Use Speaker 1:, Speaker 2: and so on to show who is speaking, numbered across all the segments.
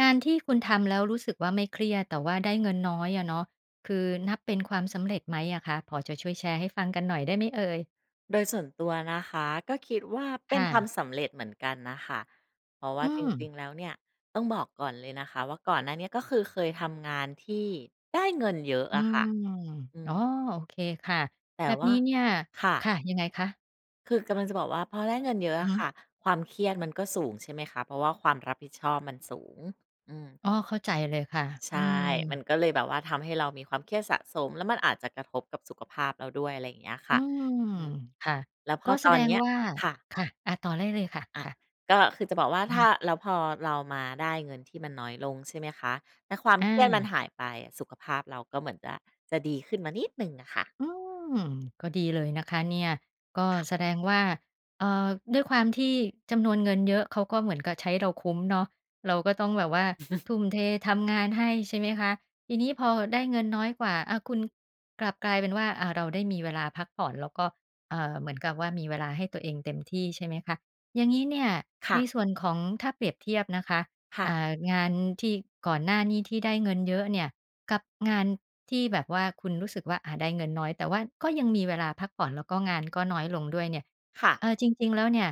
Speaker 1: งานที่คุณทำแล้วรู้สึกว่าไม่เครียด แต่ว่าได้เงินน้อยอะเนาะ คือ นับเป็นความสำเร็จไหมอะคะ พอจะช่วยแชร์ให้ฟังกันหน่อยได้ไหมเอ่ย?
Speaker 2: โดยส่วนตัวนะคะ ก็คิดว่าเป
Speaker 1: ค
Speaker 2: ็น
Speaker 1: ่
Speaker 2: ความ
Speaker 1: ะ
Speaker 2: สำเร็จเหมือนกันน่ะค่ะ เพราะว
Speaker 1: อ
Speaker 2: ่า
Speaker 1: ื
Speaker 2: จร
Speaker 1: ม
Speaker 2: ิง ๆ แล้วเนี่ยต้องบอกก่อนเลยนะคะว่า ก่อนหน้านี้ก็คือเคยทำงานที่ได้ เงินเยอะ
Speaker 1: อื
Speaker 2: อะค
Speaker 1: ม
Speaker 2: ่ะ อื
Speaker 1: อ๋อ
Speaker 2: ม
Speaker 1: โอเคค่ะ
Speaker 2: แต
Speaker 1: แ
Speaker 2: ่
Speaker 1: บบ
Speaker 2: ว่
Speaker 1: น
Speaker 2: า
Speaker 1: ี้เนี่ย
Speaker 2: ค่
Speaker 1: ค
Speaker 2: ะ
Speaker 1: ่ะ ยังไงคะ?
Speaker 2: คือกำลังจะบอกว่า พอได้เงินเยอะ
Speaker 1: อื
Speaker 2: อ
Speaker 1: อฮ
Speaker 2: ะค
Speaker 1: ึ
Speaker 2: ่ะ ความเครียดมันก็สูง ใช่ไหมคะ? เพราะว่าความรับผิดชอบมันสูง อืม
Speaker 1: อ้อ เข้าใจเลยค่ะ
Speaker 2: ใช
Speaker 1: อ
Speaker 2: ่
Speaker 1: ื
Speaker 2: ม
Speaker 1: ม
Speaker 2: ันก็เลยแบบว่าทำให้เรามีความเครียดสะสม แล้วมันอาจจะกระทบกับสุขภาพเราด้วย อะไรอย่างเงี้ยค
Speaker 1: อื
Speaker 2: ่ะ
Speaker 1: ม
Speaker 2: อืม
Speaker 1: ค่ะ
Speaker 2: แล้วพ
Speaker 1: ก
Speaker 2: อ
Speaker 1: ็แส
Speaker 2: ตอ
Speaker 1: ด
Speaker 2: นเ
Speaker 1: ง
Speaker 2: นี้ย
Speaker 1: ว่า
Speaker 2: ค่ะ
Speaker 1: ค่ะ อา ต่อได้เลยค่ะ
Speaker 2: อะ
Speaker 1: ค่ะ
Speaker 2: ก็คือจะบอกว่า
Speaker 1: อือ
Speaker 2: ถ
Speaker 1: ฮ
Speaker 2: ้
Speaker 1: ึ
Speaker 2: า แล้วพอเรามาได้เงินที่มันน้อยลง ใช่ไหมคะ แต่ความ
Speaker 1: อ
Speaker 2: เครียดมัน
Speaker 1: า
Speaker 2: หายไปอะ สุขภาพเราก็เหมือนจะ จะดีขึ้นมานิดหนึ่งอะค่ะ
Speaker 1: อืม ก็ดีเลยนะคะเนี่ย ก็
Speaker 2: ค่ะ
Speaker 1: แสดงว่า เอ่อ ด้วยความที่จำนวนเงินเยอะ เขาก็เหมือนกับใช้เราคุ้มเนาะ เราก็ต้องแบบว่า ทุ่มเททำงานให้ ใช่ไหมคะ? ทีนี้พอได้เงินน้อยกว่า อะ คุณกลับกลายเป็นว่า อะ เราได้มีเวลาพักผ่อน แล้วก็ เอ่อ เหมือนกับว่ามีเวลาให้ตัวเองเต็มที่ ใช่ไหมคะ? อย่างนี้เนี่ย
Speaker 2: ค่
Speaker 1: ใน
Speaker 2: ะ
Speaker 1: ส่วนของ ถ้าเปรียบเทียบนะคะ
Speaker 2: ค่
Speaker 1: อ
Speaker 2: ะ
Speaker 1: ่า งานที่ก่อนหน้านี้ที่ได้เงินเยอะเนี่ย กับงานที่แบบว่าคุณรู้สึกว่า อะ ได้เงินน้อย แต่ว่าก็ยังมีเวลาพักผ่อน แล้วก็งานก็น้อยลงด้วยเนี่ย
Speaker 2: ค่
Speaker 1: เ
Speaker 2: ะ
Speaker 1: อ่อ จริง ๆ แล้วเนี่ย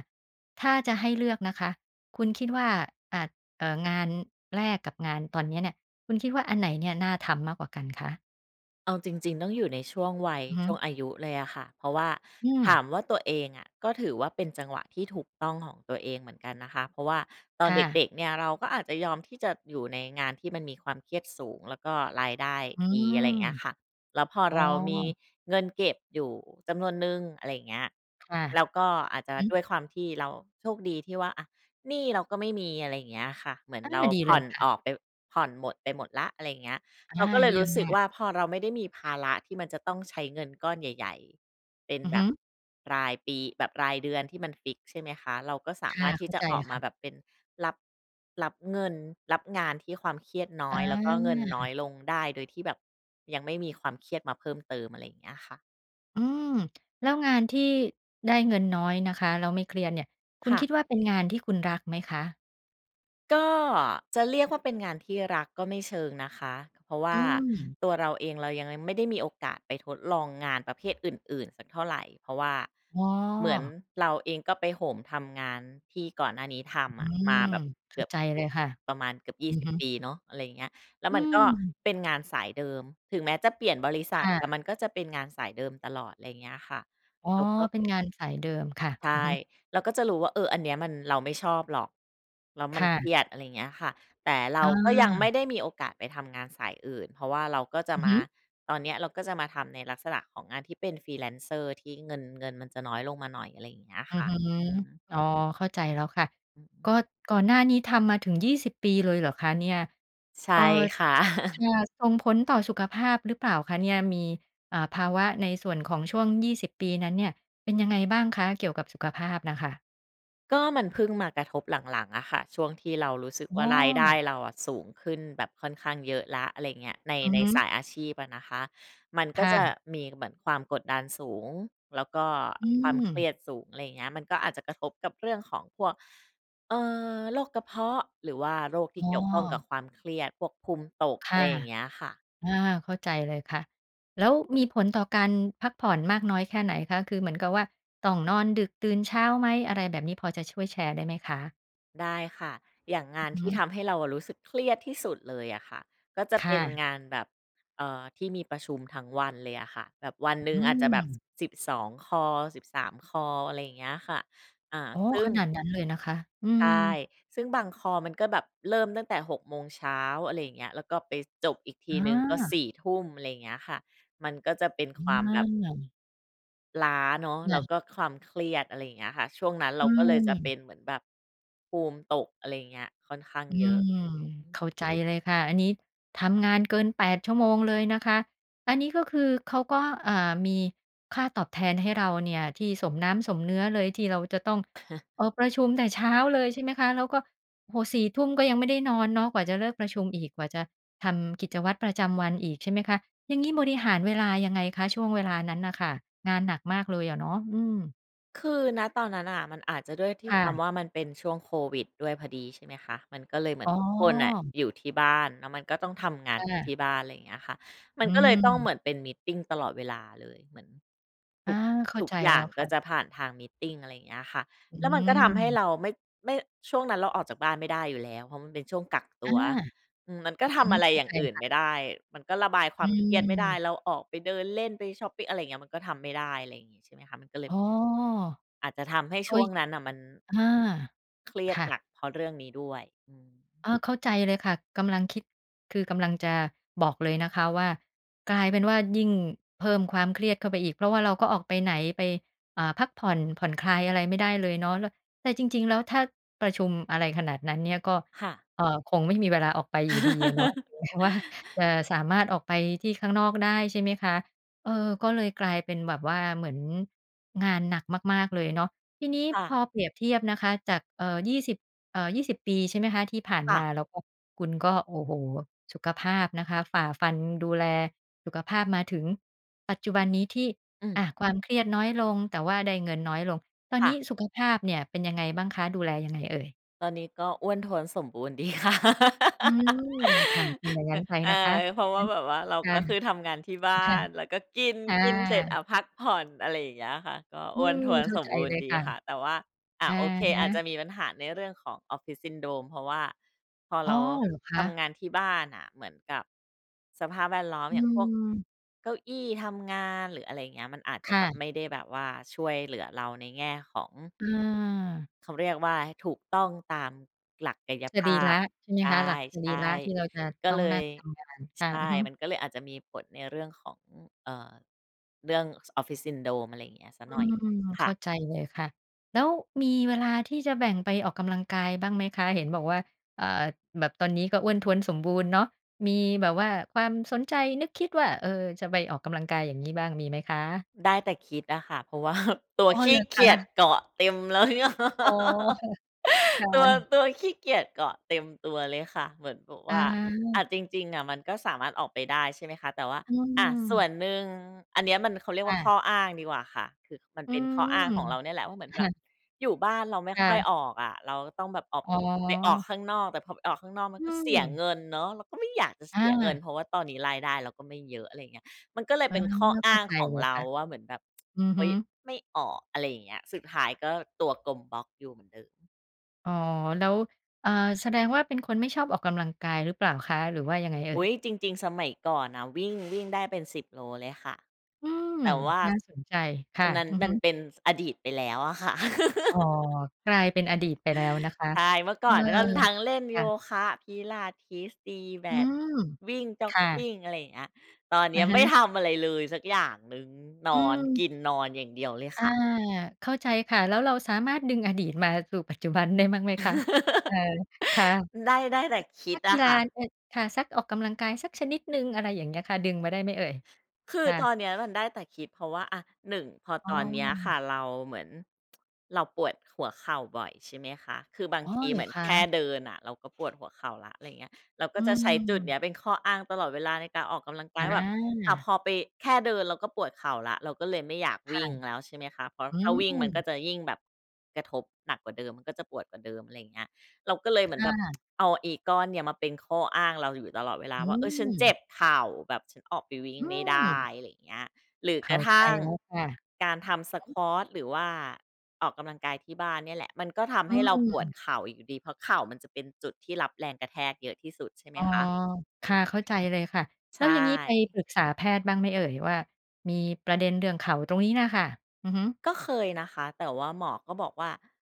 Speaker 1: ถ้าจะให้เลือกนะคะ คุณคิดว่า อ่า เอ่อ งานแรกกับงานตอนนี้เนี่ย คุณคิดว่าอันไหนเนี่ยน่าทำมากกว่ากันคะ?
Speaker 2: เอาจริง ๆ ต้องอยู่ในช่วงวัย
Speaker 1: อือฮ
Speaker 2: ช่
Speaker 1: ึ
Speaker 2: วงอายุเลยอะค่ะ เพราะว่า
Speaker 1: อื
Speaker 2: ถ
Speaker 1: ม
Speaker 2: ามว่าตัวเองอะ ก็ถือว่าเป็นจังหวะที่ถูกต้องของตัวเองเหมือนกันนะคะ เพราะว่าตอ
Speaker 1: ค
Speaker 2: น
Speaker 1: ่
Speaker 2: เด
Speaker 1: ะ
Speaker 2: ็ก ๆ เนี่ย เราก็อาจจะยอมที่จะอยู่ในงานที่มันมีความเครียดสูง แล้วก็รายได้
Speaker 1: อื
Speaker 2: ดี
Speaker 1: ม
Speaker 2: อะไรอย่างเงี้ยค่ะ แล้วพอ
Speaker 1: อ๋
Speaker 2: เรามี
Speaker 1: อ
Speaker 2: เงินเก็บอยู่จำนวนหนึ่ง อะไรอย่างเงี้ย
Speaker 1: ค่ะ
Speaker 2: แล้วก็อ
Speaker 1: อ
Speaker 2: าจ
Speaker 1: ื
Speaker 2: จ
Speaker 1: อ
Speaker 2: ะ
Speaker 1: ฮ
Speaker 2: ด
Speaker 1: ึ
Speaker 2: ้วยความที่เรา โชคดีที่ว่า อะ หนี้เราก็ไม่มี อะไรอย่างเงี้ยค่ะ เหมือน
Speaker 1: อา
Speaker 2: เรา
Speaker 1: ดี
Speaker 2: ผ
Speaker 1: เล
Speaker 2: ่อ
Speaker 1: ย
Speaker 2: น
Speaker 1: ค่ะ
Speaker 2: ออกไป ผ่อนหมดไปหมดแล้ว อะไรเงี้ย
Speaker 1: อ
Speaker 2: เรา
Speaker 1: า
Speaker 2: ก็เล
Speaker 1: เ
Speaker 2: ย
Speaker 1: ยี่
Speaker 2: รู
Speaker 1: ย
Speaker 2: ้
Speaker 1: ม
Speaker 2: สึ
Speaker 1: ม
Speaker 2: ก
Speaker 1: า
Speaker 2: ว
Speaker 1: ก
Speaker 2: ่า พอเราไม่ได้มีภาระที่มันจะต้องใช้เงินก้อนใหญ่ ๆ เป็น
Speaker 1: อือ
Speaker 2: แบ
Speaker 1: ฮึ
Speaker 2: บ รายปี แบบรายเดือนที่มันฟิกซ์ ใช่ไหมคะ? เราก็สา
Speaker 1: ค
Speaker 2: ม
Speaker 1: ่
Speaker 2: า
Speaker 1: ะ
Speaker 2: รถท
Speaker 1: เข
Speaker 2: ี่
Speaker 1: ้า
Speaker 2: จะ
Speaker 1: ใจ
Speaker 2: ออกม
Speaker 1: ค
Speaker 2: า
Speaker 1: ่ะ
Speaker 2: แบบเป็น รับ รับเงิน รับงานที่ความเครียดน้อ
Speaker 1: อ
Speaker 2: ย แล้วก็เงินน้
Speaker 1: า
Speaker 2: อยลงได้ โดยที่แบบยังไม่มีความเครียดมาเพิ่มเติม อะไรเงี้ยค่ะ
Speaker 1: อืม แล้วงานที่ ได้เงินน้อยนะคะ แล้วไม่เครียดเนี่ย คุ
Speaker 2: ค
Speaker 1: ณ
Speaker 2: ่ะ
Speaker 1: คิดว่าเป็นงานที่คุณรักไหมคะ?
Speaker 2: ก็จะเรียกว่าเป็นงานที่รัก ก็ไม่เชิงนะคะ เพราะว่
Speaker 1: อื
Speaker 2: า
Speaker 1: ม
Speaker 2: ตัวเราเองเรายังไม่ได้มีโอกาสไปทดลองงานประเภทอื่น ๆ สักเท่าไร เพราะว่า
Speaker 1: อ๋อ
Speaker 2: เหมือน เราเองก็ไปโหมทำงานที่ก่อนหน้านี้ท
Speaker 1: อ
Speaker 2: ำอ
Speaker 1: ื
Speaker 2: ะ ม
Speaker 1: ม
Speaker 2: าแบบ
Speaker 1: เข
Speaker 2: เก
Speaker 1: ้
Speaker 2: ื
Speaker 1: า
Speaker 2: อบ
Speaker 1: ใจเลยค่ะ
Speaker 2: ประมาณเกือบ ยี
Speaker 1: อ
Speaker 2: ่
Speaker 1: ือ
Speaker 2: สิบ
Speaker 1: ฮึ
Speaker 2: ปี เนาะ อะไรอย่างเงี้ย แล้ว
Speaker 1: อื
Speaker 2: มันก็
Speaker 1: ม
Speaker 2: เป็นงานสายเดิม ถึงแม้จะเปลี่ยนบริษั
Speaker 1: ค
Speaker 2: ท
Speaker 1: ่
Speaker 2: แต่
Speaker 1: ะ
Speaker 2: มันก็จะเป็นงานสายเดิมตลอด ไรเงี้ยค่ะ
Speaker 1: อ๋อ
Speaker 2: เราก็
Speaker 1: เป็นงานสายเดิมค่ะ
Speaker 2: ใช
Speaker 1: อือ
Speaker 2: ่
Speaker 1: ฮึ
Speaker 2: เราก็จะรู้ว่า เออ อันนี้มัน เราไม่ชอบหรอก แล้วมั
Speaker 1: ค
Speaker 2: น
Speaker 1: ่
Speaker 2: เค
Speaker 1: ะ
Speaker 2: รียด อะไรเงี้ยค่ะ แต่เรา
Speaker 1: อา
Speaker 2: ก็ยังไม่ได้มีโอกาสไปทำงานสายอื่น เพราะว่าเราก็จะ
Speaker 1: อือ
Speaker 2: ม
Speaker 1: ฮ
Speaker 2: า
Speaker 1: ึ
Speaker 2: ตอนนี้เราก็จะมาทำในลักษณะของงานที่เป็น Freelancer ที่เงิน เงินมันจะน้อยลงมาหน่อย อะไรอย่างเงี้ย
Speaker 1: อื
Speaker 2: ค
Speaker 1: อ
Speaker 2: ่ะ
Speaker 1: ฮึ
Speaker 2: อืม
Speaker 1: อ๋อ เข้าใจแล้วค่ะ
Speaker 2: อือฮ
Speaker 1: ก็
Speaker 2: ึ
Speaker 1: ก่อนหน้านี้ทำมาถึง 20 ปีเลยเหรอคะเนี่ย?
Speaker 2: ใช่
Speaker 1: เอ่อ
Speaker 2: ค่ะ
Speaker 1: จะ ส่งผลต่อสุขภาพหรือเปล่าคะเนี่ย? มี เอ่อ ภาวะในส่วนของช่วง 20 ปีนั้นเนี่ย เป็นยังไงบ้างคะ? เกี่ยวกับสุขภาพน่ะค่ะ
Speaker 2: ก็มันเพิ่งมากระทบหลัง ๆ อะค่ะ ช่วงที่เรารู้สึกว
Speaker 1: อ
Speaker 2: ่
Speaker 1: ้
Speaker 2: า รายได้
Speaker 1: อ
Speaker 2: เราอะสูงขึ้นแบบค่อนข้างเยอะแล้ว อะไรเงี้ย ใน
Speaker 1: อือ
Speaker 2: ใน
Speaker 1: ฮ
Speaker 2: ส
Speaker 1: ึ
Speaker 2: ายอาชีพอะนะคะ มันก
Speaker 1: ค
Speaker 2: ็
Speaker 1: ่
Speaker 2: จะ
Speaker 1: ะ
Speaker 2: มีเหมือนความกดดันสูง แล้วก็
Speaker 1: อื
Speaker 2: ความเครี
Speaker 1: ม
Speaker 2: ยดสูง อะไรเงี้ย มันก็อาจจะกระทบกับเรื่องของพวก เอ่อ โรคกระเพาะ หรือว่าโรคที
Speaker 1: อ
Speaker 2: ่
Speaker 1: ้
Speaker 2: เก
Speaker 1: อ
Speaker 2: ี่ยวข้องกับความเครียด พวกภูมิตก
Speaker 1: ค
Speaker 2: อะ
Speaker 1: ่
Speaker 2: ไร
Speaker 1: ะ
Speaker 2: อย่างเงี้ยค่ะ
Speaker 1: อา เข้าใจเลยค่ะ แล้วมีผลต่อการพักผ่อนมากน้อยแค่ไหนคะ? คือเหมือนกับว่า ต้องนอนดึกตื่นเช้าไหม? อะไรแบบนี้ พอจะช่วยแชร์ได้ไหมคะ?
Speaker 2: ได้ค่ะ อย่างงาน
Speaker 1: อื
Speaker 2: ท
Speaker 1: อ
Speaker 2: ี
Speaker 1: ฮ
Speaker 2: ่ท
Speaker 1: ึ
Speaker 2: ำให้เราอะรู้สึกเครียดที่สุดเลยอะค่ะ ก็จะ
Speaker 1: ค
Speaker 2: เป
Speaker 1: ่
Speaker 2: ็น
Speaker 1: ะ
Speaker 2: งานแบบ เอ่อ ที่มีประชุมทั้งวันเลยอะค่ะ แบบวันหนึ
Speaker 1: อ
Speaker 2: ่
Speaker 1: ื
Speaker 2: งอาจจะแบบ
Speaker 1: ม
Speaker 2: ส สิบสองคอล13 คอล อะไรอย่างเงี้ยค่ะ อะ
Speaker 1: อ๋อ
Speaker 2: ซึ่
Speaker 1: ข
Speaker 2: ง
Speaker 1: นาดนั้นเลยนะคะ อื
Speaker 2: ใช
Speaker 1: ม
Speaker 2: ่ ซึ่งบางคอลมันก็แบบเริ่มตั้งแต่ 6:00 อะไรอย่างเงี้ย แล้วก็ไปจบอีกที
Speaker 1: อ
Speaker 2: หนึ่งก็ ส
Speaker 1: า
Speaker 2: ี่ทุ่ม อะไรอย่างเงี้ยค่ะ มันก็จะเป็น
Speaker 1: อ
Speaker 2: ความแบบ
Speaker 1: า
Speaker 2: ล้าเนาะ แ
Speaker 1: ค
Speaker 2: ล้
Speaker 1: ่
Speaker 2: ว
Speaker 1: ะ
Speaker 2: ก็ความเครียด อะไรอย่างเงี้ยค่ะ ช่วงนั้นเร
Speaker 1: อ
Speaker 2: า
Speaker 1: ื
Speaker 2: ก็เลยจะเป็
Speaker 1: ม
Speaker 2: นเหมือนแบบภูมิตก อะไรเงี้ย ค่อนข้าง
Speaker 1: อื
Speaker 2: เยอะ อื
Speaker 1: ม
Speaker 2: อ
Speaker 1: เข้าใจเลยค่ะ อันนี้ทำงานเกิน 8 ชั่วโมงเลยนะคะ อันนี้ก็คือเขาก็ อ่า มีค่าตอบแทนให้เราเนี่ย ที่สมน้ำสมเนื้อเลย ที่เราจะต้อง เอ่อ ประชุมแต่เช้าเลย ใช่ไหมคะ? แล้วก็ โอ้โฮ 22:00 ก็ยังไม่ได้นอนเนาะ กว่าจะเลิกประชุมอีก กว่าจะทำกิจวัตรประจำวันอีก ใช่ไหมคะ? อย่างงี้บริหารเวลายังไงคะ? ช่วงเวลานั้นน่ะค่ะ งานหนักมากเลยอะเนาะ อืม
Speaker 2: คือ ณ ตอนนั้นน่ะ มันอาจจะด้วยที
Speaker 1: ค
Speaker 2: ่
Speaker 1: ่
Speaker 2: ควา
Speaker 1: ะ
Speaker 2: มว่า มันเป็นช่วงโควิดด้วยพอดี ใช่ไหมคะ มันก็เลยเหมือ
Speaker 1: อ๋
Speaker 2: น
Speaker 1: อ
Speaker 2: ทุกคนน่ะ อยู่ที่บ้าน แล้วมันก็ต้องทำงา
Speaker 1: ค
Speaker 2: น
Speaker 1: ่
Speaker 2: อยู่ท
Speaker 1: ะ
Speaker 2: ี่บ้าน อะไรอย่างเงี้ยค่ะ มั
Speaker 1: อ
Speaker 2: น
Speaker 1: ื
Speaker 2: ก็เลยต้อง
Speaker 1: ม
Speaker 2: เหมือนเป็นมีตติงตลอดเวลาเลย เหมือนท
Speaker 1: อ
Speaker 2: ุ
Speaker 1: า
Speaker 2: ก
Speaker 1: เข้
Speaker 2: ท
Speaker 1: า
Speaker 2: ุก
Speaker 1: ใจ
Speaker 2: อย
Speaker 1: แ
Speaker 2: ่
Speaker 1: ล
Speaker 2: า
Speaker 1: ้
Speaker 2: ง
Speaker 1: วค
Speaker 2: ก็
Speaker 1: ่ะ
Speaker 2: จะผ่านทางมีตติง อะไรอย่างเงี้ยค่ะ
Speaker 1: อื
Speaker 2: แล้วมันก็ทำให้
Speaker 1: ม
Speaker 2: เราไม่ ไม่ ช่วงนั้นเราออกจากบ้านไม่ได้อยู่แล้ว เพราะมันเป็นช่วงกักต
Speaker 1: อ
Speaker 2: ั
Speaker 1: า
Speaker 2: ว อืม มันก็
Speaker 1: อือ
Speaker 2: ท
Speaker 1: ฮ
Speaker 2: ำ
Speaker 1: ึ
Speaker 2: อะไร
Speaker 1: เข้า
Speaker 2: อย่
Speaker 1: ใ
Speaker 2: า
Speaker 1: จ
Speaker 2: งอื่น
Speaker 1: ค่
Speaker 2: ไม่
Speaker 1: ะ
Speaker 2: ได้ มันก็ระบายคว
Speaker 1: อื
Speaker 2: ามเครียดไม่ได้
Speaker 1: ม
Speaker 2: เราออกไปเดินเล่นไปช็อปปิง อะไรอย่างเงี้ย มันก็ทำไม่ได้ อะไรงี้ ใช่ไหมคะ มันก็เลย
Speaker 1: อ
Speaker 2: แบบ
Speaker 1: ๋อ
Speaker 2: อาจจะทำให้
Speaker 1: เฮ
Speaker 2: ช
Speaker 1: ้
Speaker 2: ่ว
Speaker 1: ย
Speaker 2: งนั้นน่ะมัน
Speaker 1: อา
Speaker 2: เครี
Speaker 1: ค
Speaker 2: ยด
Speaker 1: ่
Speaker 2: ห
Speaker 1: ะ
Speaker 2: นัก เพราะเรื่องนี้ด้วย อือฮี
Speaker 1: อา เข้าใจเลยค่ะ กำลังคิด คือกำลังจะบอกเลยนะคะว่า กลายเป็นว่ายิ่งเพิ่มความเครียดเข้าไปอีก เพราะว่าเราก็ออกไปไหน ไป อ่า พักผ่อน ผ่อนคลายอะไรไม่ได้เลยเนาะ แล้ว แต่จริง ๆ แล้วถ้าประชุมอะไรขนาดนั้นเนี่ย ก็
Speaker 2: ค่ะ
Speaker 1: เอ่อ คงไม่มีเวลาออกไปอยู่ดีอะเนาะ แม้ว่าจะสามารถออกไปที่ข้างนอกได้ ใช่ไหมคะ? เออ ก็เลยกลายเป็นแบบว่า เหมือนงานหนักมาก ๆ เลยเนาะ ทีนี้
Speaker 2: ค่
Speaker 1: พ
Speaker 2: ะ
Speaker 1: อเปรียบเทียบนะคะ จาก เอ่อ 20 เอ่อ 20 ปี ใช่ไหมคะ? ที่ผ่าน
Speaker 2: ค่
Speaker 1: ม
Speaker 2: ะ
Speaker 1: า แล้วก็คุณก็ โอ้โฮ สุขภาพนะคะ ฝ่าฟันดูแลสุขภาพมาถึงปัจจุบันนี้ ที่
Speaker 2: อื
Speaker 1: อ
Speaker 2: ม
Speaker 1: ะ ความเครียดน้อยลง แต่ว่าได้เงินน้อยลง ตอน
Speaker 2: ค่
Speaker 1: นี้
Speaker 2: ะ
Speaker 1: สุขภาพเนี่ยเป็นยังไงบ้างคะ? ดูแลยังไงเอ่ย?
Speaker 2: ตอนนี้ก็อ้วนท้วนสมบูรณ์ดี ค่ะ
Speaker 1: อืม ค่ะ เป็นอย่างง
Speaker 2: อ
Speaker 1: ั้นไป
Speaker 2: เออ
Speaker 1: นะคะ
Speaker 2: เพร
Speaker 1: อ
Speaker 2: า
Speaker 1: ื
Speaker 2: ะ
Speaker 1: อ
Speaker 2: ว
Speaker 1: ฮ
Speaker 2: ่า
Speaker 1: ึ
Speaker 2: แบบว่า เรา
Speaker 1: ค่
Speaker 2: ก
Speaker 1: ะ
Speaker 2: ็คือทำงานที่บ้าน แล้วก็กิน
Speaker 1: ค่
Speaker 2: กินเสร็จ อ
Speaker 1: ะ
Speaker 2: ะ พักผ่อน อะไรอย่างเงี้ยค่ะ ก็
Speaker 1: อื
Speaker 2: อ้วน
Speaker 1: ม
Speaker 2: ท้วน
Speaker 1: เข้า
Speaker 2: สม
Speaker 1: ใจ
Speaker 2: บูร
Speaker 1: เ
Speaker 2: ณ
Speaker 1: ล
Speaker 2: ์
Speaker 1: ย
Speaker 2: ดี
Speaker 1: ค่ะ
Speaker 2: ค่ะ แต่ว่า อะ
Speaker 1: อะ
Speaker 2: โอเค
Speaker 1: ฮ
Speaker 2: อาจจะ
Speaker 1: ะ
Speaker 2: มีปัญหาในเรื่องของ Office Syndrome เพราะว่าพอ
Speaker 1: อ
Speaker 2: เ
Speaker 1: ๋
Speaker 2: ร
Speaker 1: อ
Speaker 2: า
Speaker 1: เหรอค
Speaker 2: ท
Speaker 1: ะ?
Speaker 2: ำงานที่บ้านน่ะ เหมือนกับสภาพแวดล้อม
Speaker 1: อื
Speaker 2: อย่างพวก
Speaker 1: ม
Speaker 2: เก้าอี้ทำงาน หรืออะไรเงี้ย มันอาจจะ
Speaker 1: ค่
Speaker 2: แบบ
Speaker 1: ะ
Speaker 2: ไม่ได้แบบว่า ช่วยเหลือเราในแง่ของ
Speaker 1: อา
Speaker 2: เขาเรียกว่า ถูกต้องตามหลักกาย
Speaker 1: ส
Speaker 2: ภ
Speaker 1: รี
Speaker 2: า
Speaker 1: ระ
Speaker 2: พ
Speaker 1: ใช่ไหม
Speaker 2: ใ
Speaker 1: คะ? หลักสร
Speaker 2: ช
Speaker 1: ี
Speaker 2: ่
Speaker 1: ระที่เราจะ
Speaker 2: ๆ ก็
Speaker 1: ต้อ
Speaker 2: เ
Speaker 1: ง
Speaker 2: ล
Speaker 1: นั่
Speaker 2: ย
Speaker 1: งทำงาน ค
Speaker 2: ใช
Speaker 1: ่ะ อื
Speaker 2: ่
Speaker 1: อฮึ
Speaker 2: มันก็เลยอาจจะมีผลในเรื่องของ อ่า เรื่อง Office Syndrome อะไรอย่างเงี้ยสัก
Speaker 1: อื
Speaker 2: หน่อยหนึ่ง
Speaker 1: ม
Speaker 2: ค
Speaker 1: เข
Speaker 2: ่
Speaker 1: ้
Speaker 2: ะ
Speaker 1: าใจเลยค่ะ แล้วมีเวลาที่จะแบ่งไปออกกำลังกายบ้างไหมคะ? เห็นบอกว่า เอ่อ แบบตอนนี้ก็อ้วนท้วนสมบูรณ์เนาะ มีแบบว่าความสนใจนึกคิดว่า เออ จะไปออกกำลังกาย อย่างงี้บ้างมีไหมคะ?
Speaker 2: ได้แต่คิดอะค่ะ เพราะว่า ตั
Speaker 1: อ
Speaker 2: ว
Speaker 1: ๋อ
Speaker 2: ข
Speaker 1: เห
Speaker 2: ี
Speaker 1: ร
Speaker 2: ้
Speaker 1: อ
Speaker 2: เก
Speaker 1: ค
Speaker 2: ียจ
Speaker 1: ะ?
Speaker 2: เกาะเต็มแล้ว
Speaker 1: อ๋อ ค่ะ ค่
Speaker 2: ตัว
Speaker 1: ะ
Speaker 2: ตัวขี้เกียจเกาะเต็มตัวเลยค่ะ เหมือนแบบว
Speaker 1: อ
Speaker 2: ่า อะ
Speaker 1: า
Speaker 2: จริง ๆ อะมันก็สามารถออกไปได้ ใช่ไหมคะ แต่ว่า
Speaker 1: อื
Speaker 2: อะ ส่ว
Speaker 1: ม
Speaker 2: นหนึ่ง อันเนี้ยมัน เขาเรีย
Speaker 1: ค
Speaker 2: กว
Speaker 1: ่
Speaker 2: ่าข้
Speaker 1: ะ
Speaker 2: ออ้างดีกว่าค่ะ คือมัน
Speaker 1: อื
Speaker 2: เป็นข้อ
Speaker 1: ม
Speaker 2: อ้างของเราเนี่ยแหละว่า เหมือน
Speaker 1: ค
Speaker 2: แบ
Speaker 1: ่
Speaker 2: บ
Speaker 1: ะ
Speaker 2: อยู่บ้านเราไม่
Speaker 1: ค่
Speaker 2: ค่อย
Speaker 1: ะ
Speaker 2: ออกอะ เราก็ต้องแบบออก
Speaker 1: อ๋
Speaker 2: ไปออก
Speaker 1: อ
Speaker 2: ข้างนอก แต่พอไปออกข้างนอก มั
Speaker 1: อ
Speaker 2: น
Speaker 1: ื
Speaker 2: ก็เสียเ
Speaker 1: ม
Speaker 2: งินเนาะ เราก็ไม่อยากจะเส
Speaker 1: อ
Speaker 2: ียเงิน
Speaker 1: า
Speaker 2: เพราะว่าตอนนี้รายได้เราก็ไม่เยอะ อะไรอย่างเงี้ย มันก็เลย
Speaker 1: อา
Speaker 2: เป็นข้ออ
Speaker 1: เข
Speaker 2: ้
Speaker 1: ้
Speaker 2: า
Speaker 1: า
Speaker 2: ง
Speaker 1: ใจ
Speaker 2: ของ
Speaker 1: เลย
Speaker 2: เรา
Speaker 1: ค่ะ
Speaker 2: ว่า เหมือนแบบ
Speaker 1: อือ
Speaker 2: เฮ
Speaker 1: ฮ
Speaker 2: ้ย
Speaker 1: ึ
Speaker 2: ไม่ออก อะไรอย่างเงี้ย สุดท้ายก็ตัวกลมบ็อกอยู่เหมือนเดิม
Speaker 1: อ๋อ แล้ว อ่า แสดงว่าเป็นคนไม่ชอบออกกำลังกายหรือเปล่าคะ หรือว่ายังไงเอ่
Speaker 2: อ
Speaker 1: ย?
Speaker 2: ุ๊ย จริง ๆ สมัยก่อนน่ะ วิ่ง วิ่งได้เป็น 10 โลเลยค่ะ
Speaker 1: อืม
Speaker 2: แต่ว่า
Speaker 1: น่าสนใจ ค่
Speaker 2: อั
Speaker 1: ะ
Speaker 2: นนั้น
Speaker 1: อือ
Speaker 2: ม
Speaker 1: ฮ
Speaker 2: ัน
Speaker 1: ึ
Speaker 2: เป็นอดีตไปแล้วอะค่ะ
Speaker 1: อ๋อ กลายเป็นอดีตไปแล้วนะคะ
Speaker 2: ใช่ เมื่อ
Speaker 1: เ
Speaker 2: ก
Speaker 1: อ
Speaker 2: ่อ
Speaker 1: อ
Speaker 2: นมันก็ทั้งเล่น
Speaker 1: ค
Speaker 2: โย
Speaker 1: ่ะ
Speaker 2: คะ Pilates ตีแบ
Speaker 1: อื
Speaker 2: ด
Speaker 1: ม
Speaker 2: วิ่งจ็อ
Speaker 1: ค
Speaker 2: ก
Speaker 1: ่
Speaker 2: ก
Speaker 1: ะ
Speaker 2: ิง อะไรอย่างเงี้ย ตอนเน
Speaker 1: อ
Speaker 2: ี้
Speaker 1: ะ
Speaker 2: ย
Speaker 1: ฮ
Speaker 2: ไม่
Speaker 1: ะ
Speaker 2: ทำอะไรเลยสักอย่างหนึ่ง น
Speaker 1: อื
Speaker 2: อน ก
Speaker 1: ม
Speaker 2: ิน นอนอย่างเดียวเลย
Speaker 1: อา
Speaker 2: ค่ะ
Speaker 1: เข้าใจค่ะ แล้วเราสามารถดึงอดีตมาสู่ปัจจุบันได้บ้างไหมคะ? เออ ค่ะ
Speaker 2: อ ได้ ได้แต่ค
Speaker 1: เ
Speaker 2: ิ
Speaker 1: อ่อ นั
Speaker 2: ด
Speaker 1: ก
Speaker 2: อ
Speaker 1: กี
Speaker 2: ะ
Speaker 1: ฬ
Speaker 2: ค
Speaker 1: า
Speaker 2: ่ะ
Speaker 1: เอ่อ ค่ะ สักออกกำลังกาย สักชนิดหนึ่ง อะไรอย่างเงี้ยค่ะ ดึงมาได้ไหมเอ่ย?
Speaker 2: คื
Speaker 1: ค
Speaker 2: อ
Speaker 1: ่
Speaker 2: ต
Speaker 1: ะ
Speaker 2: อนเนี้ย มันได้แต่คิด เพราะว่า อะ 1 พอ
Speaker 1: อ้
Speaker 2: ตอ
Speaker 1: อ
Speaker 2: นเนี้ยค่ะ เราเหมือน เราปวดหัวเข่าบ่อย ใช่ไหมคะ คือบาง
Speaker 1: อ๋อ
Speaker 2: ที
Speaker 1: เห
Speaker 2: เ
Speaker 1: ร
Speaker 2: หม
Speaker 1: อ
Speaker 2: ือน
Speaker 1: ค
Speaker 2: แค่
Speaker 1: ะ?
Speaker 2: เดินน่ะ เราก็ ปวดหัวเข่าแล้ว อะไรอย่างเงี้ย เราก
Speaker 1: อ
Speaker 2: ็
Speaker 1: ื
Speaker 2: จะใช้จุดเน
Speaker 1: ม
Speaker 2: ี้ย เป็นข้ออ้างตลอดเวลาในการออกกำลังกายว่าแบบ อะ
Speaker 1: อ
Speaker 2: พ
Speaker 1: า
Speaker 2: อไป แค่เดินเราก็ปวดเข่าแล้ว เราก็เลยไม่อยาก
Speaker 1: ค
Speaker 2: ว
Speaker 1: ่ะ
Speaker 2: ิ่งแล้ว ใช่ไหมคะ เพราะ
Speaker 1: อื
Speaker 2: ถ้าวิ่งมันก็
Speaker 1: ม
Speaker 2: จะยิ่งแบบกระทบหนักกว่าเดิม มันก็จะปวดกว่าเดิม อะไรอย่างเงี้ย เราก็เลยเหมื
Speaker 1: ค
Speaker 2: อน
Speaker 1: ่
Speaker 2: แบบ
Speaker 1: ะ
Speaker 2: เอาอีก้อนเนี่ย มาเป็นข้ออ้างเราอยู่ตลอดเวลา
Speaker 1: อื
Speaker 2: ว่า "เออ ฉันเจ
Speaker 1: ม
Speaker 2: ็บเข่า แบบฉันออกไปวิ่ง
Speaker 1: อื
Speaker 2: ไม่ได้"
Speaker 1: ม
Speaker 2: อะไรอย่างเงี้ย หรือ
Speaker 1: เข
Speaker 2: ก
Speaker 1: ้
Speaker 2: ร
Speaker 1: า
Speaker 2: ะท
Speaker 1: ใจ
Speaker 2: ั่ง
Speaker 1: แล้วค่ะ
Speaker 2: การทำ Squat หรือว่าออกกำลังกายที่บ้านเนี่ยแหละ มันก็ทำ
Speaker 1: อ
Speaker 2: ใ
Speaker 1: ื
Speaker 2: ห้เราปวด
Speaker 1: ม
Speaker 2: เข่าอีกอยู่ดี เพราะเข่ามันจะเป็นจุดที่รับแรงกระแทกเยอะที่สุด ใช่ไหม
Speaker 1: อ๋อ
Speaker 2: คะ?
Speaker 1: ค
Speaker 2: อื
Speaker 1: ่ะ
Speaker 2: ม
Speaker 1: เข้าใจเลยค่ะ แ
Speaker 2: ใ
Speaker 1: ล
Speaker 2: ช
Speaker 1: ้วอย่างงี้ไป
Speaker 2: ่
Speaker 1: ปรึกษาแพทย์บ้างไหมเอ่ยว่า มีประเด็นเรื่องเข่าตรงนี้น่ะค่ะ? อือฮึ
Speaker 2: ก็เคยนะคะ แต่ว่าหมอก็บอกว่า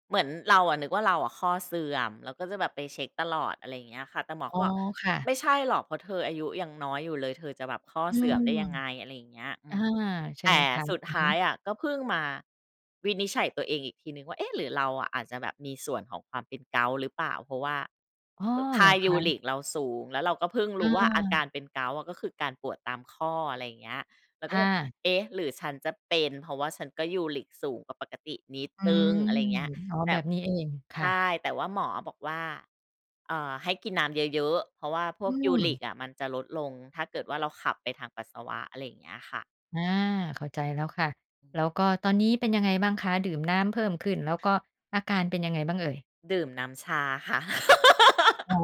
Speaker 2: เหมือนเราอะนึกว่าเราอะข้อเสื่อม แล้วก็จะแบบไปเช็กตลอด อะไรอย่างเงี้ยค่ะ แต่หมอ
Speaker 1: อ
Speaker 2: ก
Speaker 1: ๋
Speaker 2: ็
Speaker 1: อ
Speaker 2: บอก
Speaker 1: ค่ะ
Speaker 2: "ไม่ใช่หรอก เพราะเธออายุยังน้อยอยู่เลย เธอจะแบบข้อ
Speaker 1: อื
Speaker 2: เสื่อม
Speaker 1: ม
Speaker 2: ได้ยังไง" อะไรอย่างเงี้ย อื
Speaker 1: อา
Speaker 2: ม
Speaker 1: ใช่
Speaker 2: แต
Speaker 1: ไห
Speaker 2: ่
Speaker 1: มคะ?
Speaker 2: สุด
Speaker 1: อื
Speaker 2: ท
Speaker 1: อฮ
Speaker 2: ้าย
Speaker 1: ึ
Speaker 2: อะ ก็เพิ่งมาวินิจฉัยตัวเองอีกทีหนึ่งว่า "เอ๊ะ หรือเราอาจจะแบบมีส่วนของความเป็นเกาต์หรือเปล่า?" เพราะว่า
Speaker 1: อ้อ
Speaker 2: เอ่อ ค
Speaker 1: เห
Speaker 2: ่
Speaker 1: ร
Speaker 2: า
Speaker 1: อค
Speaker 2: ยู
Speaker 1: ะ?
Speaker 2: ริกเราสูง แล้วเราก็เพิ่งร
Speaker 1: เ
Speaker 2: ู้ว่าอาก
Speaker 1: ออ
Speaker 2: ารเป็นเกาต์อะ ก็คือการปวดตามข้อ อะไรอย่างเงี้ย เราก
Speaker 1: ค
Speaker 2: ็
Speaker 1: ่
Speaker 2: เลย
Speaker 1: ะ
Speaker 2: "เอ๊ะ หรือฉันจะเป็น เพราะว่าฉันก็ยูริกสูงกว่าปกตินิด
Speaker 1: อื
Speaker 2: หนึ่ง"
Speaker 1: ม
Speaker 2: อะไรอย่างเงี้ย
Speaker 1: อ๋อ
Speaker 2: แต่
Speaker 1: แบบนี้เอง ค
Speaker 2: ใ
Speaker 1: ่
Speaker 2: ช
Speaker 1: ะ
Speaker 2: ่ แต่ว่าหมออะบอกว่า เอ่อ "ให้กินน้ำเยอะ ๆ เพราะว่าพ
Speaker 1: อ
Speaker 2: ว
Speaker 1: ื
Speaker 2: กยูริ
Speaker 1: ม
Speaker 2: กอะมันจะลดลง ถ้าเกิดว่าเราขับไปทางปัสสาวะ" อะไรอย่างเงี้ยค่ะ
Speaker 1: อา เข้าใจแล้วค่ะ
Speaker 2: อื
Speaker 1: แ
Speaker 2: ม
Speaker 1: ล้วก็ตอนนี้เป็นยังไงบ้างคะ ดื่มน้ำเพิ่มขึ้น แล้วก็อาการเป็นยังไงบ้างเอ่ย?
Speaker 2: ดื่มน้ำชาค่ะ
Speaker 1: อ๋อ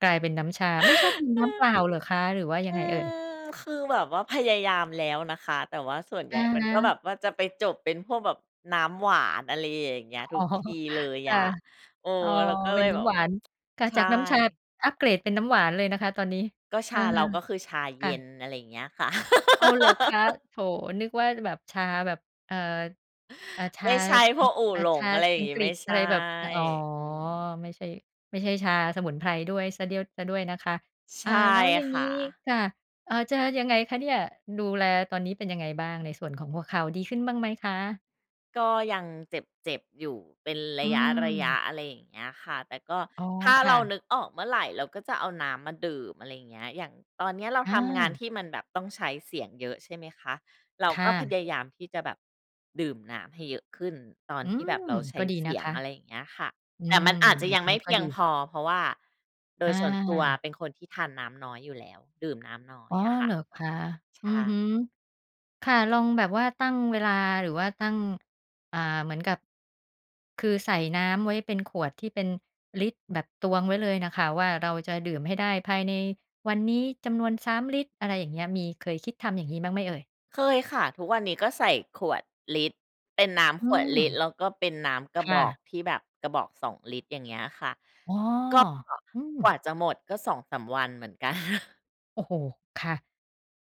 Speaker 1: กลายเป็นน้ำชา ไม่ชอบดื่ม
Speaker 2: เ
Speaker 1: น้ำเป
Speaker 2: ออ
Speaker 1: ล่าเหรอคะ หรือว่าย
Speaker 2: อ
Speaker 1: ั
Speaker 2: ื
Speaker 1: งไงเอ่ย?
Speaker 2: ม คือแบบว่าพยายามแล้วนะคะ แต่ว่าส่วนให
Speaker 1: อ
Speaker 2: ญ่
Speaker 1: ะ
Speaker 2: มัน
Speaker 1: ฮ
Speaker 2: ก็แ
Speaker 1: ะ
Speaker 2: บบว่าจะไปจบเป็นพวกแบบน้ำหวาน อะไรอย่างเงี้ย ท
Speaker 1: อ
Speaker 2: ุ
Speaker 1: ๋อ
Speaker 2: กทีเลย
Speaker 1: ค
Speaker 2: อ
Speaker 1: ่ะ
Speaker 2: ะ เออ
Speaker 1: อ๋อ
Speaker 2: แล้วก็
Speaker 1: เ
Speaker 2: เ
Speaker 1: ป
Speaker 2: ล
Speaker 1: ็น
Speaker 2: ย
Speaker 1: น
Speaker 2: แ
Speaker 1: ้
Speaker 2: บ
Speaker 1: ำ
Speaker 2: บ
Speaker 1: หวาน ค่ะ
Speaker 2: ใช
Speaker 1: จา
Speaker 2: ่
Speaker 1: กน้ำชาอัปเกรดเป็นน้ำหวานเลยนะคะตอนนี้
Speaker 2: ก็ช
Speaker 1: อา
Speaker 2: าเรา ก็คือชา
Speaker 1: ค
Speaker 2: เย
Speaker 1: ่
Speaker 2: ็
Speaker 1: ะ
Speaker 2: น อะไรอย่างเงี้ยค่ะ
Speaker 1: อ้าว เหรอคะ? โถ นึกว่าจะแบบชาแบบ เอ่อ เอ่อ ช
Speaker 2: ไม
Speaker 1: า
Speaker 2: ่ใช่
Speaker 1: อ
Speaker 2: พ
Speaker 1: ัง
Speaker 2: วกอู่
Speaker 1: อ่า
Speaker 2: หล
Speaker 1: ช
Speaker 2: ง
Speaker 1: า
Speaker 2: อะไรอย่า
Speaker 1: อั
Speaker 2: ง
Speaker 1: ง
Speaker 2: งี้
Speaker 1: กฤ
Speaker 2: ไม
Speaker 1: ษ
Speaker 2: ่ใ
Speaker 1: อ
Speaker 2: ช
Speaker 1: ะไ
Speaker 2: ่
Speaker 1: รแบบ อะ อ๋อ
Speaker 2: อือ
Speaker 1: ไม่ใช่ ไม่ใช่ชาสมุนไพรด้วยเสียเดี้ยว เสียด้วยนะคะ
Speaker 2: ใช
Speaker 1: อา
Speaker 2: ่
Speaker 1: แล้วอย่าง
Speaker 2: ค
Speaker 1: ง
Speaker 2: ่
Speaker 1: ี้
Speaker 2: ะ
Speaker 1: ค่ะ อา จะยังไงคะเนี่ย ดูแลตอนนี้เป็นยังไงบ้าง ในส่วนของหัวเข่าดีขึ้นบ้างไหมคะ?
Speaker 2: ก็ยังเจ็บ ๆ อยู่เป็นร
Speaker 1: อื
Speaker 2: ะยะ
Speaker 1: ม
Speaker 2: ๆ อะไรอย่างเงี้ยค่ะ แต่ก็
Speaker 1: อ๋อ
Speaker 2: ถ้า
Speaker 1: ค
Speaker 2: เร
Speaker 1: ่
Speaker 2: า
Speaker 1: ะ
Speaker 2: นึกออกเมื่อไร เราก็จะเอาน้ำมาดื่ม อะไรอย่างเงี้ย อย่างตอนเนี้ย เรา
Speaker 1: อ
Speaker 2: ทำงาน
Speaker 1: า
Speaker 2: ที่มันแบบต้องใช้เสียงเยอะ ใช่ไหมคะ? เรา
Speaker 1: ค
Speaker 2: ก
Speaker 1: ่
Speaker 2: ็พ
Speaker 1: ะ
Speaker 2: ยายามที่จะแบบดื่มน้ำให้เยอะขึ้น ตอน
Speaker 1: อื
Speaker 2: ที่แ
Speaker 1: ม
Speaker 2: บบเราใช
Speaker 1: ก
Speaker 2: ้
Speaker 1: ็ดี
Speaker 2: เส
Speaker 1: น
Speaker 2: ี
Speaker 1: ะ
Speaker 2: ย
Speaker 1: ค
Speaker 2: ง
Speaker 1: ะ
Speaker 2: อะไรอย่างเงี้ยค่ะ
Speaker 1: อื
Speaker 2: แต่
Speaker 1: ม
Speaker 2: มันอาจจะ
Speaker 1: แบ
Speaker 2: ยั
Speaker 1: บ
Speaker 2: งไ
Speaker 1: น
Speaker 2: ม่
Speaker 1: ี้
Speaker 2: เพ
Speaker 1: ก็
Speaker 2: ีย
Speaker 1: ด
Speaker 2: ง
Speaker 1: ี
Speaker 2: พอ เพราะว่าโด
Speaker 1: อ
Speaker 2: ยส่วนตัว
Speaker 1: า
Speaker 2: เป็นคนที่ทานน้ำน้อยอยู่แล้ว ดื่มน้ำน้อ
Speaker 1: อ
Speaker 2: ย
Speaker 1: ๋อ
Speaker 2: อะค่
Speaker 1: เห
Speaker 2: ะ
Speaker 1: รอคะ?
Speaker 2: ใช
Speaker 1: อือฮึ
Speaker 2: ่
Speaker 1: ค่ะ ลองแบบว่าตั้งเวลา หรือว่าตั้ง อ่า เหมือนกับ คือใส่น้ำไว้เป็นขวดที่เป็นลิตร แบบตวงไว้เลยน่ะค่ะว่า เราจะดื่มให้ได้ภายในวันนี้จำนวน 3 ลิตร อะไรอย่างเงี้ย มีเคยคิดทำอย่างงี้บ้างไหมเอ่ย?
Speaker 2: เคยค่ะ ทุกวันนี้ก็ใส่ขวดลิตร เป็นน้
Speaker 1: อ
Speaker 2: ำ
Speaker 1: ื
Speaker 2: ขวด
Speaker 1: ม
Speaker 2: ลิตร แล้วก็เป็นน้ำก
Speaker 1: ค
Speaker 2: ระบ
Speaker 1: ่
Speaker 2: อก
Speaker 1: ะ
Speaker 2: ที่แบบกระบอก 2 ลิตร อย่างเงี้ยค่ะ
Speaker 1: อ๋อ
Speaker 2: ก็
Speaker 1: อืม
Speaker 2: กว่าจะหมดก็ 2-3 วันเหมือน กัน
Speaker 1: โอ้โฮ ค่ะ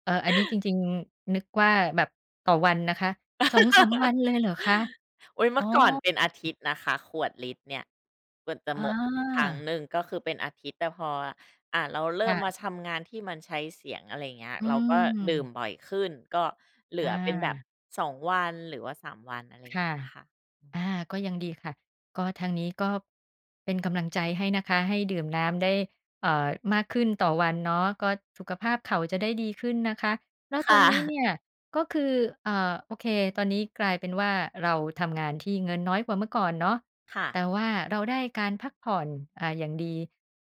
Speaker 1: เออ อันนี้จริง ๆ นึกว่าแบบต่อวันนะคะ 2-3 วันเลยเหรอคะ?
Speaker 2: อุ๊ย เม
Speaker 1: อ
Speaker 2: ื
Speaker 1: ๋
Speaker 2: ่
Speaker 1: อ
Speaker 2: อก่อนเป็นอาทิตย์นะคะ ขวดลิตรเนี่ย กว่าจะ
Speaker 1: อ
Speaker 2: หมดครั้ง
Speaker 1: า
Speaker 2: หนึ่งก็คือเป็นอาทิตย์ แต่พอ อะ เราเร
Speaker 1: ค
Speaker 2: ิ่
Speaker 1: ่
Speaker 2: ม
Speaker 1: ะ
Speaker 2: มาทำงานที่มันใช้เสียง อะไรอย่างเงี้ย
Speaker 1: อื
Speaker 2: เราก็ดื่ม
Speaker 1: ม
Speaker 2: บ่อยขึ้น ก็เหล
Speaker 1: อ
Speaker 2: ือเป็นแบบ
Speaker 1: า
Speaker 2: 2 วัน หรือว่า 3 วัน อะไร
Speaker 1: ค
Speaker 2: เ
Speaker 1: ่
Speaker 2: ง
Speaker 1: ะ
Speaker 2: ี้ยค่ะ อื
Speaker 1: อ
Speaker 2: ม
Speaker 1: า ก็ยังดีค่ะ ก็ทางนี้ก็เป็นกำลังใจให้นะคะ ให้ดื่มน้ำได้ เอ่อ มากขึ้นต่อวันเนาะ ก็สุขภาพเข่าจะได้ดีขึ้นนะคะ แล้ว
Speaker 2: ค
Speaker 1: ต
Speaker 2: ่
Speaker 1: อนนี้
Speaker 2: ะ
Speaker 1: เนี่ย ก็คือ เอ่อ โอเค ตอนนี้กลายเป็นว่า เราทำงานที่เงินน้อยกว่าเมื่อก่อนเนาะ
Speaker 2: ค่
Speaker 1: แ
Speaker 2: ะ
Speaker 1: ต่ว่าเราได้การพักผ่อน อ่า อย่างดี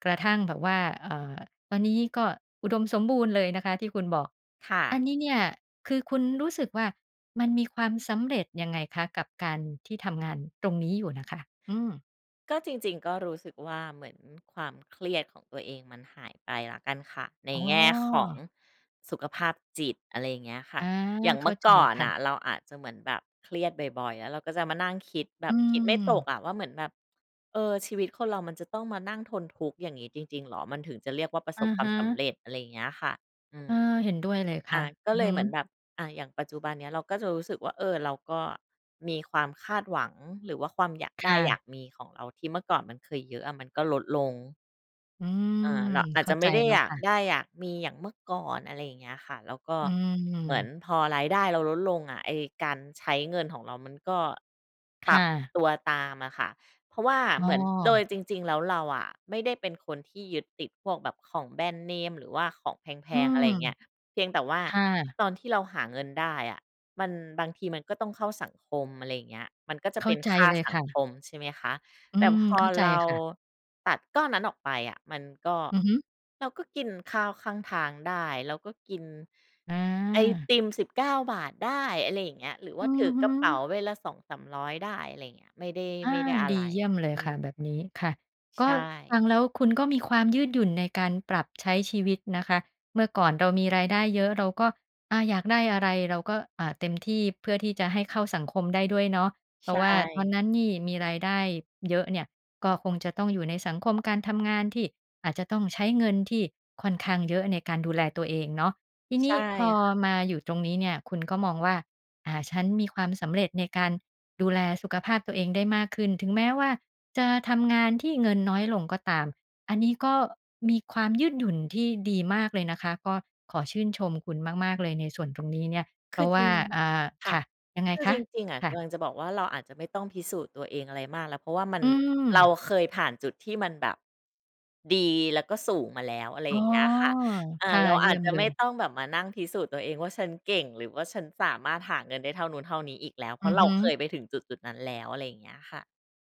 Speaker 1: กระทั่งแบบว่า เอ่อ ตอนนี้ก็อุดมสมบูรณ์เลยนะคะ ที่คุณบอก
Speaker 2: ค่
Speaker 1: อั
Speaker 2: ะ
Speaker 1: นนี้เนี่ยคือคุณรู้สึกว่า มันมีความสำเร็จยังไงคะ? กับการที่ทำงานตรงนี้อยู่น่ะค่ะ อืม
Speaker 2: ก็จริง ๆ ก็รู้สึกว่า เหมือนความเครียดของตัวเองมันหายไปแล้วกันค่ะ ใน
Speaker 1: อ๋อ
Speaker 2: แง่ของสุขภาพจิต อะไรอย่างเงี้ยค่
Speaker 1: อ
Speaker 2: ะ
Speaker 1: า
Speaker 2: อย่าง
Speaker 1: เ
Speaker 2: เ
Speaker 1: ข
Speaker 2: ม
Speaker 1: ้
Speaker 2: ื่
Speaker 1: า
Speaker 2: อ
Speaker 1: ใจ
Speaker 2: ก่อน
Speaker 1: ค่
Speaker 2: น
Speaker 1: ะ
Speaker 2: ่ะ เราอาจจะเหมือนแบบเครียดบ่อย ๆ อะ แล้วเราก็จะมานั่งคิดแบ
Speaker 1: อื
Speaker 2: บคิดไม่ต
Speaker 1: ม
Speaker 2: กอะ ว่าเหมือนแบบ เออ ชีวิตคนเรามันจะต้องมานั่งทนทุกข์อย่างนี้จริง ๆ เหรอ? มันถึงจะเรียกว่าประ
Speaker 1: อ
Speaker 2: ส
Speaker 1: ะ
Speaker 2: บควา
Speaker 1: ฮ
Speaker 2: มสำ
Speaker 1: ะ
Speaker 2: เร็จ อะไรอย่างเงี้ยค่ะ อื
Speaker 1: เอ
Speaker 2: ม
Speaker 1: อ เห็นด้วยเลยค
Speaker 2: อ่
Speaker 1: ่
Speaker 2: า
Speaker 1: ะ
Speaker 2: ก็
Speaker 1: อือ
Speaker 2: เล
Speaker 1: ฮ
Speaker 2: ยเหมือ
Speaker 1: ึ
Speaker 2: นแบบ อ่า อย่างปัจจุบันเนี้ยเราก็จะรู้สึกว่า เออ เราก็มีความคาดหวัง หรือว่าความอยาก
Speaker 1: ค
Speaker 2: ได้
Speaker 1: ่
Speaker 2: อยา
Speaker 1: ะ
Speaker 2: กมีของเรา ที่เมื่อก่อนมันเคยเยอะอะ มันก็ลดลง
Speaker 1: อืม
Speaker 2: เออ เราอา
Speaker 1: เ
Speaker 2: จ
Speaker 1: ข้
Speaker 2: จ
Speaker 1: า
Speaker 2: ะไ
Speaker 1: ใ
Speaker 2: ม
Speaker 1: จ
Speaker 2: ่ได้
Speaker 1: แล้
Speaker 2: อ
Speaker 1: ว
Speaker 2: ยา
Speaker 1: ค
Speaker 2: ก
Speaker 1: ่ะ
Speaker 2: ได้อยากมีอย่างเมื่อก่อน อะไรอย่างเงี้ยค่ะ แล้วก็
Speaker 1: อื
Speaker 2: เหมือน
Speaker 1: ม
Speaker 2: พอรายได้เราลดลงอะ ไอ้การใช้เงินของเรามันก็
Speaker 1: ค
Speaker 2: ปรั
Speaker 1: ่
Speaker 2: บ
Speaker 1: ะ
Speaker 2: ตัวตามอะค่ะ เพราะว่า
Speaker 1: อ
Speaker 2: เ
Speaker 1: ้
Speaker 2: หมือน โด
Speaker 1: อ
Speaker 2: ยจริง ๆ แล้วเราอะไม่ได้เป็นคนที่ยึดติดพวกแบบของแบรนด์เนมหรือว่าของแพ
Speaker 1: อื
Speaker 2: ง ๆ อะ
Speaker 1: ม
Speaker 2: ไรอย่างเงี้ย เพียงแต่ว่า
Speaker 1: ค่ะ
Speaker 2: ตอนที่เราหาเงินได้อะ มัน บางทีมันก็ต้องเข้าสังคม อะไรอย่างเงี้ย มันก็จ
Speaker 1: เ
Speaker 2: ะ
Speaker 1: ข
Speaker 2: เป
Speaker 1: ้า
Speaker 2: ็น
Speaker 1: ใจ
Speaker 2: ค่า
Speaker 1: เลย
Speaker 2: สั
Speaker 1: ค
Speaker 2: ง
Speaker 1: ่
Speaker 2: ค
Speaker 1: ะ
Speaker 2: ม ใช่ไหมคะ
Speaker 1: อื
Speaker 2: แต่
Speaker 1: ม
Speaker 2: พอ
Speaker 1: เข้าใจ
Speaker 2: เรา
Speaker 1: ค่ะ
Speaker 2: ตัดก้อนนั้นออกไปอะ มันก็
Speaker 1: อือฮึ
Speaker 2: เราก็ กินข้าวข้างทางได้ เราก็กิน
Speaker 1: อ
Speaker 2: ไอ
Speaker 1: า
Speaker 2: ติม 19 บาทได้ อะไรอย่างเงี้ย หรือว
Speaker 1: อ
Speaker 2: ่
Speaker 1: ื
Speaker 2: าถ
Speaker 1: อ
Speaker 2: ือ
Speaker 1: ฮ
Speaker 2: กระเป๋า
Speaker 1: ึ
Speaker 2: ใบละ 200-300 ได้ อะไรอย่างเงี้ย ไม่ได้
Speaker 1: อ
Speaker 2: ไ
Speaker 1: า
Speaker 2: ม่ได้อะ
Speaker 1: ด
Speaker 2: ไ
Speaker 1: ี
Speaker 2: ร
Speaker 1: เยี่ยมเล
Speaker 2: อ
Speaker 1: ย
Speaker 2: ื
Speaker 1: ค่ะ
Speaker 2: ม
Speaker 1: แบบนี้ ค่ะ ก
Speaker 2: ใช
Speaker 1: ็ ฟ
Speaker 2: ่
Speaker 1: ังแล้วคุณก็มีความยืดหยุ่นในการปรับใช้ชีวิตนะคะ เมื่อก่อนเรามีรายได้เยอะ เราก็ อ่า อยากได้อะไร เราก็ อ่า เต็มที่เพื่อที่จะให้เข้าสังคมได้ด้วยเนาะ เพ
Speaker 2: ใ
Speaker 1: ร
Speaker 2: ช
Speaker 1: าะว่าตอน
Speaker 2: ่
Speaker 1: นั้นนี่มีรายได้เยอะเนี่ย ก็คงจะต้องอยู่ในสังคมการทำงาน ที่อาจจะต้องใช้เงินที่ค่อนข้างเยอะในการดูแลตัวเองเนาะ ทีน
Speaker 2: ใช
Speaker 1: ี้
Speaker 2: ่
Speaker 1: พอ
Speaker 2: ค่ะ
Speaker 1: มาอยู่ตรงนี้เนี่ย คุณก็มองว่า อ่า ฉันมีความสำเร็จในการดูแลสุขภาพตัวเองได้มากขึ้น ถึงแม้ว่าจะทำงานที่เงินน้อยลงก็ตาม อันนี้ก็มีความยืดหยุ่นที่ดีมากเลยนะคะ ก็ขอชื่นชมคุณมาก ๆ เลยในส่วนตรงนี้เนี่ย เ
Speaker 2: ค
Speaker 1: พร
Speaker 2: ื
Speaker 1: า
Speaker 2: อ
Speaker 1: ะว
Speaker 2: จร
Speaker 1: ่
Speaker 2: ิ
Speaker 1: า
Speaker 2: ง
Speaker 1: อ่า
Speaker 2: ค
Speaker 1: ค
Speaker 2: ่ะ
Speaker 1: ่ะ ยังไง
Speaker 2: คือ
Speaker 1: ค
Speaker 2: จ
Speaker 1: ะ?
Speaker 2: ริง ๆ อะ
Speaker 1: ค
Speaker 2: ก
Speaker 1: ่ะ
Speaker 2: ำลังจะบอกว่า เราอาจจะไม่ต้องพิสูจน์ตัวเองอะไรมากแล้ว เพราะว่ามัน
Speaker 1: อื
Speaker 2: เรา
Speaker 1: ม
Speaker 2: เคยผ่านจุดที่มันแบบ ดีแล้วก็สูงมาแล้ว อะไร
Speaker 1: อ๋
Speaker 2: อ
Speaker 1: อ
Speaker 2: ย่างเงี้ยค่ะ อ่า
Speaker 1: ค่ะ
Speaker 2: เรา
Speaker 1: เย
Speaker 2: อ
Speaker 1: ี่
Speaker 2: าจ
Speaker 1: ยม
Speaker 2: จะ
Speaker 1: เล
Speaker 2: ไม่
Speaker 1: ย
Speaker 2: ต้องแบบมานั่งพิสูจน์ตัวเองว่า ฉันเก่งหรือว่าฉันสามารถหาเงินได้เท่านู้นเท่านี้อีกแล้ว เพ
Speaker 1: อ
Speaker 2: ร
Speaker 1: ื
Speaker 2: าะ
Speaker 1: อ
Speaker 2: เร
Speaker 1: ฮ
Speaker 2: าเค
Speaker 1: ึ
Speaker 2: ยไปถึงจุด ๆ นั้นแล้ว อะไรอย่างเงี้ยค่ะ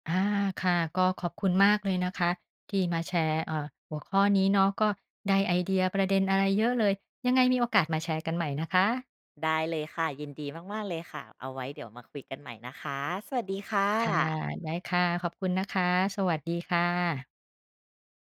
Speaker 1: อา ค่ะ ก็ขอบคุณมากเลยนะคะ ที่มาแชร์ เอ่อ หัวข้อนี้เนาะ ก็ได้ไอเดีย ประเด็นอะไรเยอะเลย ยังไงมีโอกาสมาแชร์กันใหม่นะคะ
Speaker 2: ได้เลยค่ะ ยินดีมาก ๆ เลยค่ะ เอาไว้เดี๋ยวมาคุยกันใหม่นะคะ สวัสดีค่
Speaker 1: ค่ะ
Speaker 2: ะ
Speaker 1: ได้ค่ะ ขอบคุณนะคะ สวัสดีค่ะ